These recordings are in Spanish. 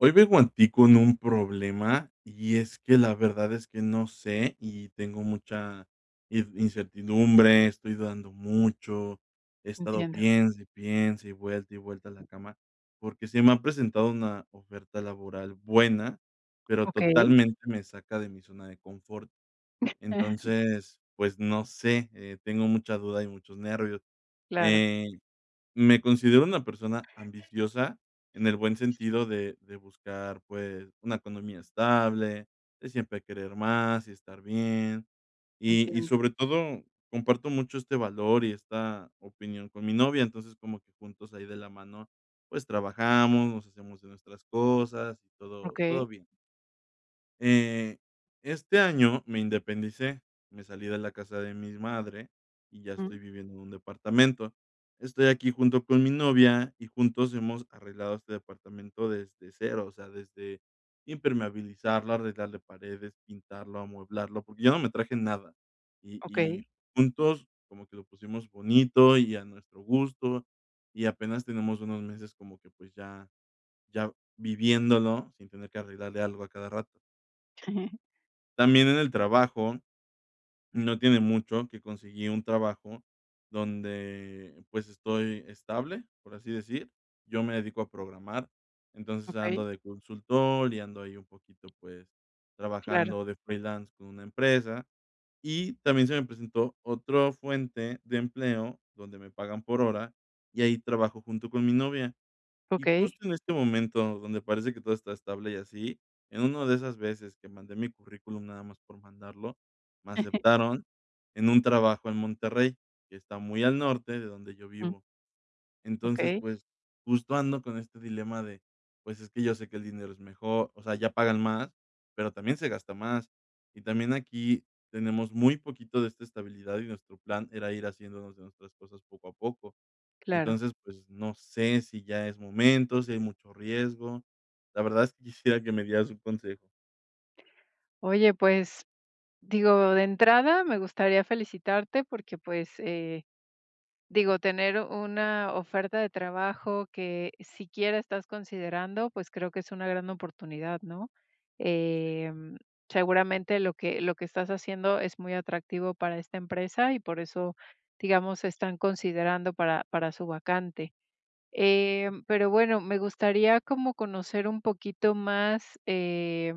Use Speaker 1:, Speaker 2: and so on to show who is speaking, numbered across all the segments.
Speaker 1: Hoy vengo a ti con un problema. Y es que la verdad es que, no sé, y tengo mucha in incertidumbre, estoy dudando mucho, he estado
Speaker 2: Entiendo.
Speaker 1: piense, y piense, y vuelta, y vuelta a la cama, porque se me ha presentado una oferta laboral buena, pero
Speaker 2: Okey.
Speaker 1: totalmente me saca de mi zona de confort. Entonces, pues, no sé, eh, tengo mucha duda y muchos nervios.
Speaker 2: Claro.
Speaker 1: Ey, me considero una persona ambiciosa en el buen sentido de de buscar, pues, una economía estable, de siempre querer más, y estar bien, y y
Speaker 2: Entiendo.
Speaker 1: sobre todo comparto mucho este valor y esta opinión con mi novia. Entonces como que juntos ahí de la mano, pues, trabajamos, nos hacemos de nuestras cosas, y todo todo
Speaker 2: Okey.
Speaker 1: bien. Eh, este año me independicé, me salí de la casa de mis madre, y ya
Speaker 2: Mm.
Speaker 1: estoy viviendo en un departamento. Estoy aquí junto con mi novia, y juntos hemos arreglado este departamento desde 0. O sea, desde impermeabilizarlo, arreglarle paredes, pintarlo, amueblarlo, porque yo no me traje nada. Y y
Speaker 2: Okey.
Speaker 1: juntos, como que lo pusimos bonito y a nuestro gusto, y apenas tenemos unos meses como que, pues, ya ya viviéndolo sin tener que arreglarle algo a cada rato. También en el trabajo, no tiene mucho que conseguí un trabajo donde, pues, estoy estable, por así decir. Yo me dedico a programar, entonces
Speaker 2: Okey.
Speaker 1: ando de consultor y ando ahí un poquito, pues,
Speaker 2: Claro.
Speaker 1: trabajando de freelance con una empresa. Y también se me presentó otro fuente de empleo donde me pagan por hora, y ahí trabajo junto con mi novia. Y
Speaker 2: Okey.
Speaker 1: justo en este momento donde parece que todo está estable, y así, en una de esas veces que mandé mi currículum nada más por mandarlo, me aceptaron en un trabajo en Monterrey, que está muy al norte de donde yo
Speaker 2: Mm.
Speaker 1: vivo. Entonces,
Speaker 2: Okey.
Speaker 1: pues, justo ando con este dilema de, pues, es que yo sé que el dinero es mejor, o sea, allá pagan más, pero también se gasta más, y también aquí tenemos muy poquito de esta estabilidad, y nuestro plan era ir haciéndonos de nuestras cosas poco a poco.
Speaker 2: Claro.
Speaker 1: Entonces, pues, no sé si ya es momento, si hay mucho riesgo. La verdad es que quisiera que me dieras un consejo.
Speaker 2: Oye, pues, digo, de entrada, me gustaría felicitarte porque, pues, eh, digo, tener una oferta de trabajo que siquiera estás considerando, pues, creo que es una gran oportunidad, ¿no? Em, seguramente lo que lo que estás haciendo es muy atractivo para esta empresa, y por eso, digamos, están considerando para para su vacante, eh, pero, bueno, me gustaría como conocer un poquito más, eh,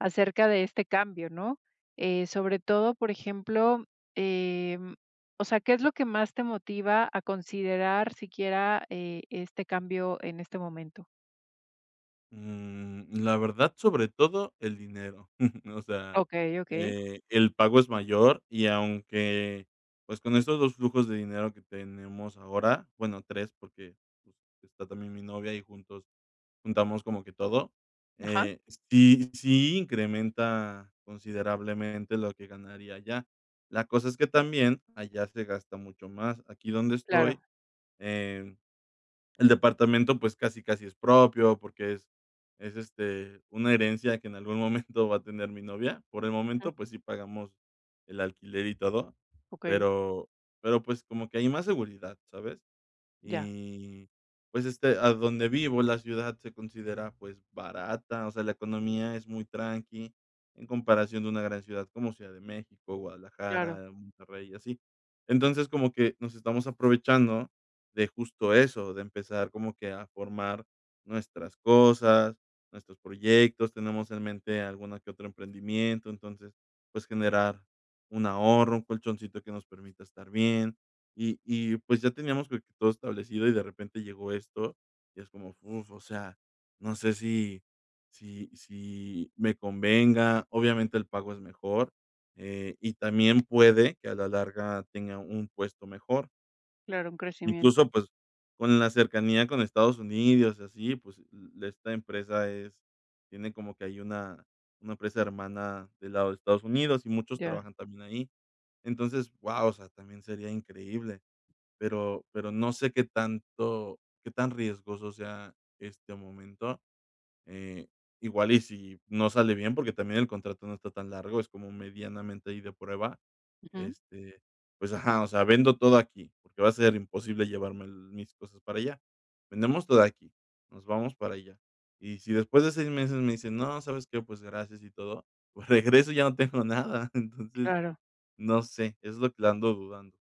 Speaker 2: acerca de este cambio, ¿no? Eh, sobre todo, por ejemplo, em o sea, ¿qué es lo que más te motiva a considerar siquiera, eh, este cambio en este momento?
Speaker 1: Mm, la verdad, sobre todo, el dinero. O sea,
Speaker 2: Okey, okey.
Speaker 1: eh, el pago es mayor, y aunque, pues, con estos 2 flujos de dinero que tenemos ahora, bueno, 3 porque, pues, está también mi novia, y juntos juntamos como que todo,
Speaker 2: Ajá.
Speaker 1: eh, sí sí incrementa considerablemente lo que ganaría allá. La cosa es que también allá se gasta mucho más. Aquí donde
Speaker 2: Claro.
Speaker 1: estoy, eh, el departamento, pues, casi casi es propio porque es es, este, una herencia que en algún momento va a tener mi novia. Por el
Speaker 2: Ajá.
Speaker 1: momento, pues, sí pagamos el alquiler y todo,
Speaker 2: Okey.
Speaker 1: pero, pero, pues, como que hay más seguridad, ¿sabes?
Speaker 2: Ya.
Speaker 1: Y, pues, este, a donde vivo, la ciudad se considera, pues, barata, o sea, la economía es muy tranqui en comparación de una gran ciudad como Ciudad de México,
Speaker 2: Claro.
Speaker 1: Guadalajara, Monterrey, y así. Entonces, como que nos estamos aprovechando de justo eso, de empezar como que a formar nuestras cosas, nuestros proyectos, tenemos en mente alguno que otro emprendimiento. Entonces, pues, generar un ahorro, un colchoncito que nos permita estar bien, y y, pues, ya teníamos todo establecido, y de repente llegó esto, y es como, uf, o sea, no sé, si si si me convenga, obviamente el pago es mejor, eh, y también puede que a la larga tenga un puesto mejor.
Speaker 2: Claro, un crecimiento.
Speaker 1: Incluso, pues, con la cercanía con Estados Unidos y así, pues, l esta empresa es tiene como que ahí una una empresa hermana del lado de Estados Unidos, y muchos
Speaker 2: Ya.
Speaker 1: trabajan también ahí. Entonces, guau, o sea, también sería increíble, pero pero no sé, qué tanto qué tan riesgoso sea este momento. Eh, igual y si no sale bien, porque también el contrato no está tan largo, es como medianamente ahí de prueba,
Speaker 2: Ujú.
Speaker 1: este, pues, ajá, o sea, vendo todo aquí, porque va a ser imposible llevarme mis cosas para allá. Vendemos todo aquí, nos vamos para allá, y si después de 6 meses me dicen: "No, ¿sabes qué? Pues, gracias y todo". Pues, regreso y ya no tengo nada. Entonces,
Speaker 2: Claro.
Speaker 1: no sé, es lo que le ando dudando.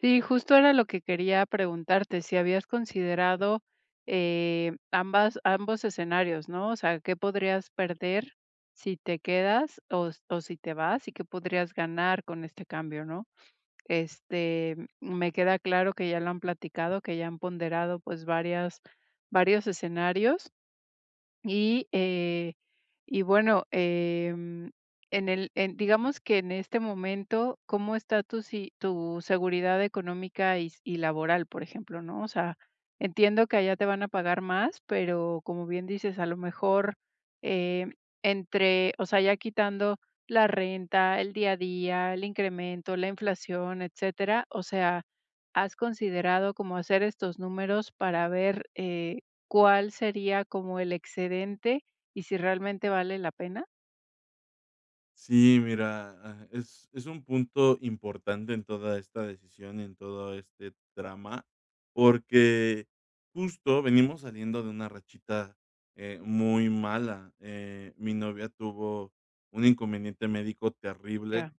Speaker 2: Sí, justo era lo que quería preguntarte, si habías considerado, eh, ambas ambos escenarios, ¿no? O sea, ¿qué podrías perder si te quedas o o si te vas y qué podrías ganar con este cambio, no? Este, mm, me queda claro que ya lo han platicado, que ya han ponderado, pues, varias varios escenarios. Y, eh, y bueno, em, en el en, digamos que, en este momento, ¿cómo está tu si tu seguridad económica y s y laboral? Por ejemplo, ¿no? O sea, entiendo que allá te van a pagar más, pero, como bien dices, a lo mejor, eh, entre, o sea, ya quitando la renta, el día a día, el incremento, la inflación, etcétera. O sea, ¿has considerado como hacer estos números para ver, eh, cuál sería como el excedente y si realmente vale la pena?
Speaker 1: Sí, mira, ah, es es un punto importante en toda esta decisión y en todo este trama, porque, justo venimos saliendo de una rachita, eh, muy mala, eh, mi novia tuvo un inconveniente médico terrible,
Speaker 2: Ya.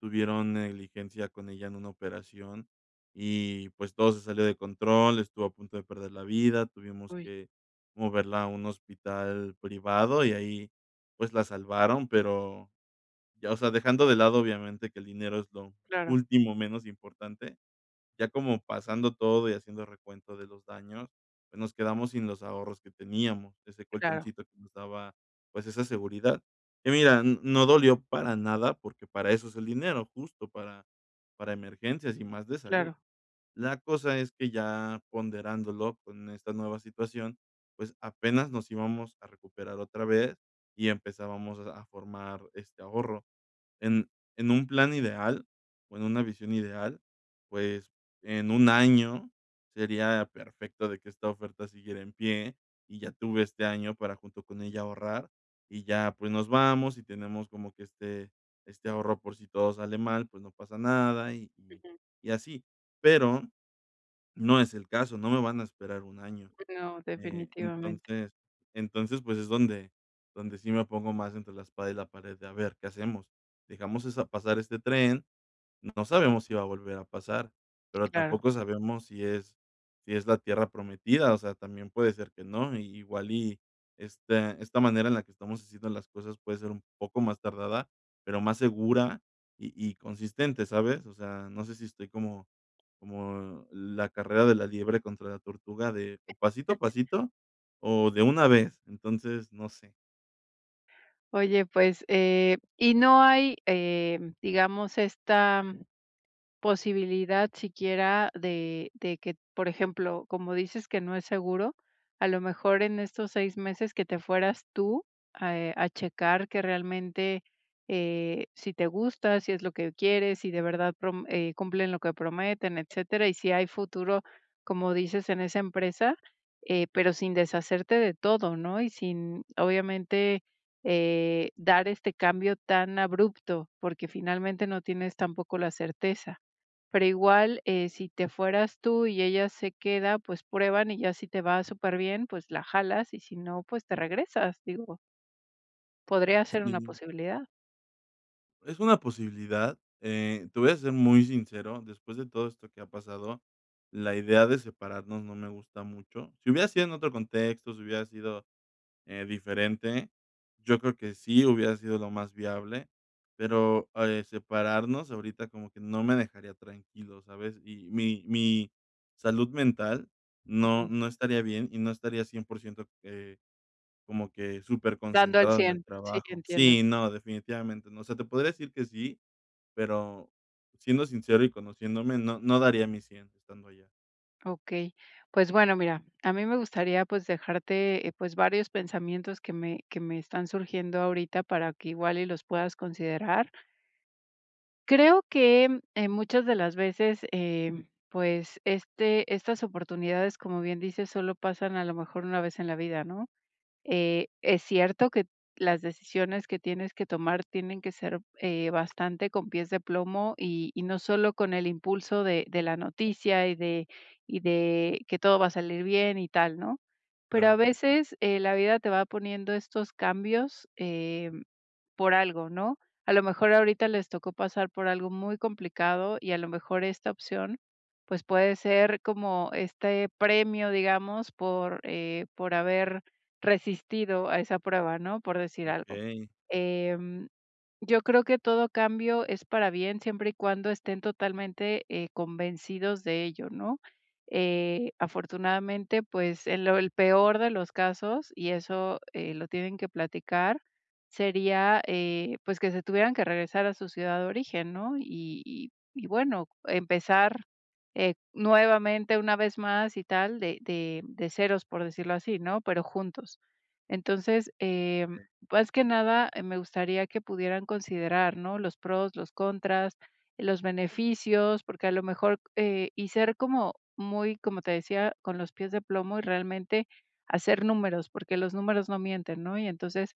Speaker 1: tuvieron negligencia con ella en una operación, y, pues, todo se salió de control, estuvo a punto de perder la vida, tuvimos
Speaker 2: ¡Uy!
Speaker 1: que moverla a un hospital privado, y ahí, pues, la salvaron, pero, ya, o sea, dejando de lado, obviamente, que el dinero es lo
Speaker 2: Claro.
Speaker 1: último menos importante, ya como pasando todo y haciendo recuento de los daños, pues, nos quedamos sin los ahorros que teníamos, ese
Speaker 2: Claro.
Speaker 1: colchoncito que nos daba, pues, esa seguridad, y mira, n no dolió para nada, porque para eso es el dinero, justo para para emergencias y más de salud,
Speaker 2: Claro.
Speaker 1: la cosa es que ya ponderándolo con esta nueva situación, pues, apenas nos íbamos a recuperar otra vez y empezábamos a formar este ahorro, en en un plan ideal, o en una visión ideal, pues, en un año sería perfecto de que esta oferta siguiera en pie y ya tuve este año para junto con ella ahorrar, y ya pues, nos vamos y tenemos como que este este ahorro por si todo sale mal, pues, no pasa nada y
Speaker 2: Ujú.
Speaker 1: y así pero, no es el caso no me van a esperar 1 año,
Speaker 2: No,
Speaker 1: eh,
Speaker 2: definitivamente.
Speaker 1: entonces entonces, pues, es donde donde sí me pongo más entre la espada y la pared de, ¿a ver, qué hacemos?, dejamos esa pasar este tren, no sabemos si va a volver a pasar, pero
Speaker 2: Claro.
Speaker 1: tampoco sabemos si es si es la tierra prometida, o sea, también puede ser que no, i igual y esta esta manera en la que estamos haciendo las cosas puede ser un poco más tardada, pero más segura y y consistente, ¿sabes?, o sea, no sé, si estoy como como la carrera de la liebre contra la tortuga de pasito a pasito, o de una vez, entonces, no sé.
Speaker 2: Oye, pues, eh, y no hay, eh, digamos esta, posibilidad siquiera de de que, por ejemplo, como dices que no es seguro, a lo mejor en estos 6 meses que te fueras tú, ah, eh, a checar que realmente, eh, si te gusta, si es lo que quieres, si de verdad prom eh, cumplen lo que prometen, etcétera, y si hay futuro, como dices, en esa empresa, eh, pero sin deshacerte de todo, ¿no?, y sin, obviamente, eh, dar este cambio tan abrupto, porque finalmente no tienes tampoco la certeza, pero igual, eh, si te fueras tú y ella se queda, pues, prueban y ya si te va superbién, pues, la jalas y si no, pues, te regresas, digo
Speaker 1: Um,
Speaker 2: podría ser una
Speaker 1: sí.
Speaker 2: posibilidad.
Speaker 1: Es una posibilidad, eh, te voy a ser muy sincero, después de todo esto que ha pasado, la idea de separarnos no me gusta mucho. Si hubiera sido en otro contexto, si hubiera sido, eh, diferente, yo creo que sí hubiera sido lo más viable, pero, eh, separarnos ahorita como que no me dejaría tranquilo, ¿sabes? Y mi mi salud mental no
Speaker 2: Uju.
Speaker 1: no estaría bien y no estaría 100%, eh, como que súper
Speaker 2: Dando el
Speaker 1: concentrado en el
Speaker 2: 100, sí,
Speaker 1: trabajo.
Speaker 2: entiendo.
Speaker 1: Sí, no, definitivamente, no, o sea, te podría decir que sí, pero siendo sincero y conociéndome, no no daría mi 100 estando allá.
Speaker 2: Okey, pues, bueno, mira, a mí me gustaría, pues, dejarte, eh, pues varios pensamientos que me que me están surgiendo ahorita para que igual y los puedas considerar. Creo que en muchas de las veces, eh, pues, este estas oportunidades, como bien dices, solo pasan a lo mejor una vez en la vida, ¿no?, eh, es cierto que las decisiones que tienes que tomar tienen que ser, eh, bastante con pies de plomo y y no solo con el impulso de de la noticia y de y de que todo va a salir bien y tal, ¿no?, pero a
Speaker 1: Claro.
Speaker 2: veces, eh, la vida te va poniendo estos cambios, eh, por algo, ¿no?, a lo mejor ahorita les tocó pasar por algo muy complicado y a lo mejor esta opción, pues, puede ser como este premio, digamos, por, eh, por haber resistido a esa prueba, ¿no?, por decir algo,
Speaker 1: Okey.
Speaker 2: em, yo creo que todo cambio es para bien, siempre y cuando estén totalmente, eh, convencidos de ello, ¿no?, eh, afortunadamente, pues, en lo el peor de los casos, y eso, eh, lo tienen que platicar, sería, eh, pues, que se tuvieran que regresar a su ciudad de origen, ¿no?, y y y bueno, empezar, eh, nuevamente una vez más y tal de de de ceros, por decirlo así, ¿no?, pero juntos. Entonces, eh,
Speaker 1: Okey.
Speaker 2: más que nada, me gustaría que pudieran considerar, ¿no?, los pros, los contras, los beneficios, porque a lo mejor, eh, y ser como muy, como te decía, con los pies de plomo y realmente hacer números, porque los números no mienten, ¿no?, y entonces,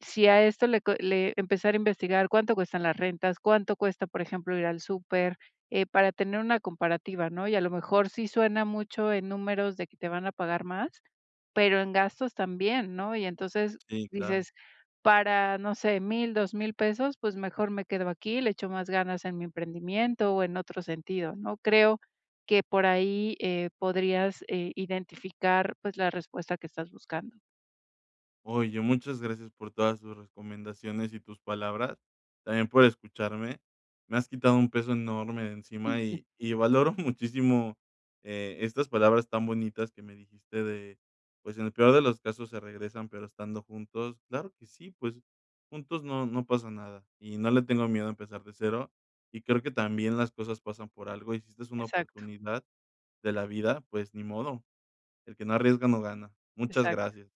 Speaker 2: si a esto le co le empezar a investigar ¿cuánto cuestan las rentas, cuánto cuesta, por ejemplo, ir al súper?, eh, para tener una comparativa, ¿no?, y a lo mejor sí suena mucho en números de que te van a pagar más, pero en gastos también, ¿no?, y entonces
Speaker 1: Sí, claro.
Speaker 2: dices: "Para, no sé, 1000, 2000 pesos, pues mejor me quedo aquí, le echo más ganas en mi emprendimiento o en otro sentido", ¿no?, creo que por ahí, eh, podrías, eh, identificar pues la respuesta que estas buscando.
Speaker 1: Oye, muchas gracias por todas tus recomendaciones y tus palabras, también por escucharme, me has quitado un peso enorme de encima
Speaker 2: Uju.
Speaker 1: y y valoro muchísimo, eh, estas palabras tan bonitas que me dijiste de, pues, en el peor de los casos se regresan, pero estando juntos, claro que sí, pues, juntos no no pasa nada, y no le tengo miedo a empezar de 0, y creo que también las cosas pasan por algo, y si esta es una
Speaker 2: Exacto.
Speaker 1: oportunidad de la vida, pues, ni modo, el que no arriesga no gana. Muchas
Speaker 2: Exacto.
Speaker 1: gracias.